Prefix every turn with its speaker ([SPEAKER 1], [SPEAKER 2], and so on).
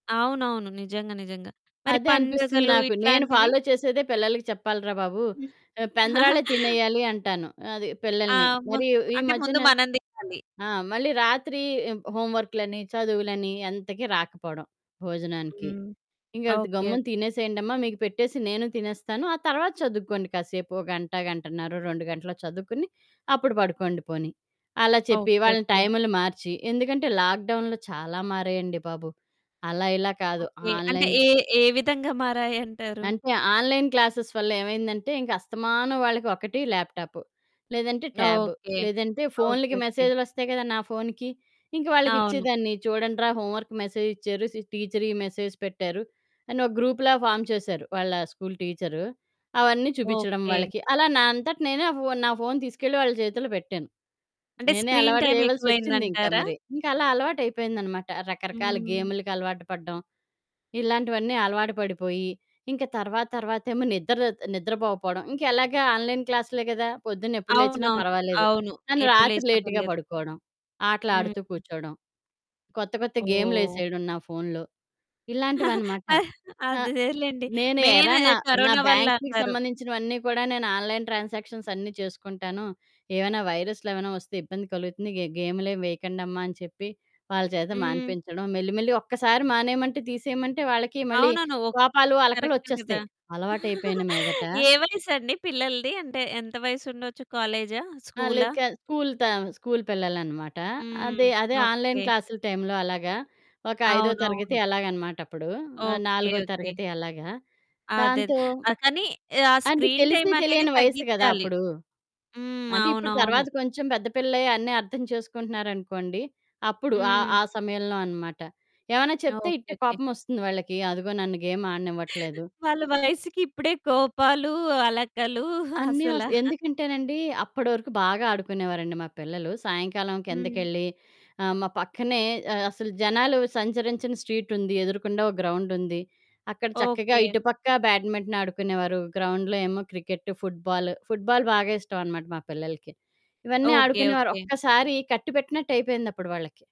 [SPEAKER 1] అవునవును. నిజంగా. నిజంగా మరి
[SPEAKER 2] అదే అనిపిస్తుంది
[SPEAKER 1] పండుగలు
[SPEAKER 2] నాకు. నేను
[SPEAKER 1] ఇట్లాంటివి?
[SPEAKER 2] ఫాలో చేసేదే పిల్లలకి చెప్పాలి రా బాబు.
[SPEAKER 1] హ్మ్.
[SPEAKER 2] రేపు పెందరాలే తినేయాలి అంటాను. అది
[SPEAKER 1] ఆ!
[SPEAKER 2] పిల్లల్ని.
[SPEAKER 1] హ్మ్.
[SPEAKER 2] మరి ఈ ఈ
[SPEAKER 1] అంటే ముందు
[SPEAKER 2] మధ్యన
[SPEAKER 1] మనం తినాలి.
[SPEAKER 2] ఆహ్, మళ్ళీ రాత్రి హోంవర్కులని చదువులని ఎంతకి రాకపోవడం, భోజనానికి.
[SPEAKER 1] హ్మ్.
[SPEAKER 2] ఇంక
[SPEAKER 1] ఓకె.
[SPEAKER 2] గమ్మున
[SPEAKER 1] ఓకె.
[SPEAKER 2] తినేసేయండమ్మా మీకు పెట్టేసి నేను తినేస్తాను ఆ తర్వాత చదువుకోండి కాసేపు ఓ గంట, గంటన్నర, 2 గంటలో చదువుకొని అప్పుడు పడుకోండి పోనీ అలా చెప్పి,
[SPEAKER 1] ఓకె.
[SPEAKER 2] వాళ్ళ
[SPEAKER 1] ఓకె.
[SPEAKER 2] టైములు మార్చి, ఎందుకంటే లాక్‌డౌన్‌లో చాలా మారాయండి బాబు. అలా ఇలా కాదు
[SPEAKER 1] ఓకె. అంటే
[SPEAKER 2] ఆన్‌లైన్
[SPEAKER 1] ఏ ఏ విధంగా మారాయంటారు.
[SPEAKER 2] అంటే ఆన్‌లైన్ క్లాసెస్ వల్ల ఏమైందంటే ఇంకా అస్తమానం వాళ్ళకి ఒకటి ల్యాప్‌టాపు, లేదంటే ట్యాబు,
[SPEAKER 1] ఓకె.
[SPEAKER 2] లేదంటే
[SPEAKER 1] ఓకె.
[SPEAKER 2] ఫోనులకి
[SPEAKER 1] ఓకె.
[SPEAKER 2] మెసేజులొస్తాయి కదా! నా ఫోనుకి ఇంక వాళ్ళకి
[SPEAKER 1] అవును.
[SPEAKER 2] ఇచ్చేదాన్ని చూడండి రా హోంవర్క్ మెసేజ్ ఇచ్చారు, సి టీచరీ మెసేజ్ పెట్టారు, అని ఒక గ్రూప్‌లా ఫార్మ్ చేశారు వాళ్ళ స్కూలు టీచరు. అవన్నీ చూపిచ్చడం
[SPEAKER 1] ఓకె.
[SPEAKER 2] వాళ్ళకి అలా నా అంతట నేనే నా ఫోను నా ఫోను తీసుకెళ్ళి వాళ్ళ చేతిలో పెట్టాను
[SPEAKER 1] అంటే
[SPEAKER 2] నేనే
[SPEAKER 1] స్క్రీన్
[SPEAKER 2] అలవాటు
[SPEAKER 1] టైమ్
[SPEAKER 2] చేయవలసొచ్చింది, ఇంకా
[SPEAKER 1] ఎక్కువయిందంటారా?
[SPEAKER 2] మరి. ఇంక అలా అలవాటు అయిపోయిందనమాట రకరకాల
[SPEAKER 1] హ్మ్.
[SPEAKER 2] గేములకలవాటు పడ్డం ఇలాంటివన్నీ అలవాటు పడిపోయి, ఇంక తర్వాత తర్వాతేమో నిద్ర నిద్రపోకపోవడం ఇంకా ఎలాగా ఆన్‌లైన్ క్లాస్ లే కదా! పొద్దున్న ఎప్పుడు లేచినా
[SPEAKER 1] అవునవును.
[SPEAKER 2] పర్వాలేదు
[SPEAKER 1] అవును.
[SPEAKER 2] కానీ
[SPEAKER 1] ఎప్పుడు
[SPEAKER 2] రాత్రి
[SPEAKER 1] లేచినా
[SPEAKER 2] లేట్‌గా
[SPEAKER 1] పర్లేదు.
[SPEAKER 2] పడుకోడం, ఆటలు ఆడుతూ
[SPEAKER 1] హ్మ్.
[SPEAKER 2] కూర్చోడం, కొత్త కొత్త
[SPEAKER 1] ఓహ్!
[SPEAKER 2] గేమ్లేసేయడం నా ఫోనులో ఇలాంటివనమాట.
[SPEAKER 1] ఆ!
[SPEAKER 2] ఆహ్,
[SPEAKER 1] అదేలెండి.
[SPEAKER 2] నేను ఎరా
[SPEAKER 1] మెయిను
[SPEAKER 2] నా నా
[SPEAKER 1] కరోనా వల్ల
[SPEAKER 2] బ్యాంక్‌కి
[SPEAKER 1] అంటారు.
[SPEAKER 2] సంబంధించినవన్నీ కూడా నేను ఆన్‌లైన్ ట్రాన్సాక్షన్స్ అన్నీ చేసుకుంటాను ఏమైనా వైరస్లు ఏమైనా వస్తే ఇబ్బంది కలుగుతుంది గే గేములేం వేయకండమ్మా అని చెప్పి వాళ్ళ చేత
[SPEAKER 1] హ్మ్.
[SPEAKER 2] మానిపించడం మెల్లి, మెల్లి ఒక్కసారి మానేయమంటే తీసేయమంటే వాళ్ళకి మళ్ళీ
[SPEAKER 1] అవునవును. ఓ
[SPEAKER 2] కోపాలు,
[SPEAKER 1] కరెక్టే కదా!
[SPEAKER 2] అలకలొచ్చేస్తాయి అలవాటు అయిపోయిన మీదట.
[SPEAKER 1] ఏ వయసండి పిల్లలది? అంటే ఎంత వయసు ఉండొచ్చు కాలేజా?
[SPEAKER 2] ఆహ్, లే
[SPEAKER 1] స్కూలా?
[SPEAKER 2] క స్కూలు త స్కూలు పిల్లలనమాట.
[SPEAKER 1] హ్మ్.
[SPEAKER 2] అదే, అదే ఆన్‌లైన్
[SPEAKER 1] ఓకె.
[SPEAKER 2] క్లాసులు టైంలో అలాగా ఒక ఐదో తరగతి
[SPEAKER 1] అవునవును.
[SPEAKER 2] అలాగనమాటప్పుడు
[SPEAKER 1] ఓకె.
[SPEAKER 2] నాలుగో
[SPEAKER 1] ఓకె.
[SPEAKER 2] తరగతి అలాగా.
[SPEAKER 1] అదేదే.
[SPEAKER 2] దాంతో
[SPEAKER 1] కానీ ఆ
[SPEAKER 2] అంటే
[SPEAKER 1] స్క్రీన్
[SPEAKER 2] తెలిసి
[SPEAKER 1] టైమనేది
[SPEAKER 2] తెలియని వయస్సు కదా!
[SPEAKER 1] తగ్గిచాలి.
[SPEAKER 2] అప్పుడు.
[SPEAKER 1] హ్మ్.
[SPEAKER 2] అంటే ఇప్పుడు
[SPEAKER 1] అవునవును.
[SPEAKER 2] తరువాత కొంచెం పెద్ద పిల్లలై అన్నీ అర్థం చేసుకుంటున్నారనుకోండి. అప్పుడు ఆహ్,
[SPEAKER 1] హ్మ్.
[SPEAKER 2] ఆ సమయంలో అనమాట. ఏమన్నా
[SPEAKER 1] ఓకె.
[SPEAKER 2] చెప్తే ఇట్టే
[SPEAKER 1] ఓకె.
[SPEAKER 2] కోపమొస్తుంది వాళ్ళకి అదిగో నన్ను గేమాడనివ్వట్లేదు.
[SPEAKER 1] వాళ్ళ వయస్సుకి ఇప్పుడే కోపాలు, అలకలు
[SPEAKER 2] అన్నీ వస్
[SPEAKER 1] అసలా
[SPEAKER 2] ఎందుకంటేనండి అప్పటి వరకు బాగా ఆడుకునేవారండి మా పిల్లలు సాయంకాలం
[SPEAKER 1] హ్మ్.
[SPEAKER 2] కిందకెళ్ళి, ఆహ్, మా పక్కనే అసలు జనాలు సంచరించని స్ట్రీటుంది, ఎదురుగుండా ఓ గ్రౌండుంది అక్కడ చక్కగా
[SPEAKER 1] ఓకె.
[SPEAKER 2] ఇటుపక్క బ్యాడ్మింటన్ ఆడుకునేవారు గ్రౌండ్‌లో ఏమో క్రికెట్టు, ఫుట్‌బాలు, ఫుట్‌బాలు బాగా ఇష్టం అనమాట మా పిల్లలకి. ఇవన్నీ
[SPEAKER 1] ఓకె.
[SPEAKER 2] ఆడుకునేవారు
[SPEAKER 1] ఓకె.
[SPEAKER 2] ఒక్కసారి కట్టి పెట్టినట్టయిపోయింది అప్పుడు వాళ్ళకి.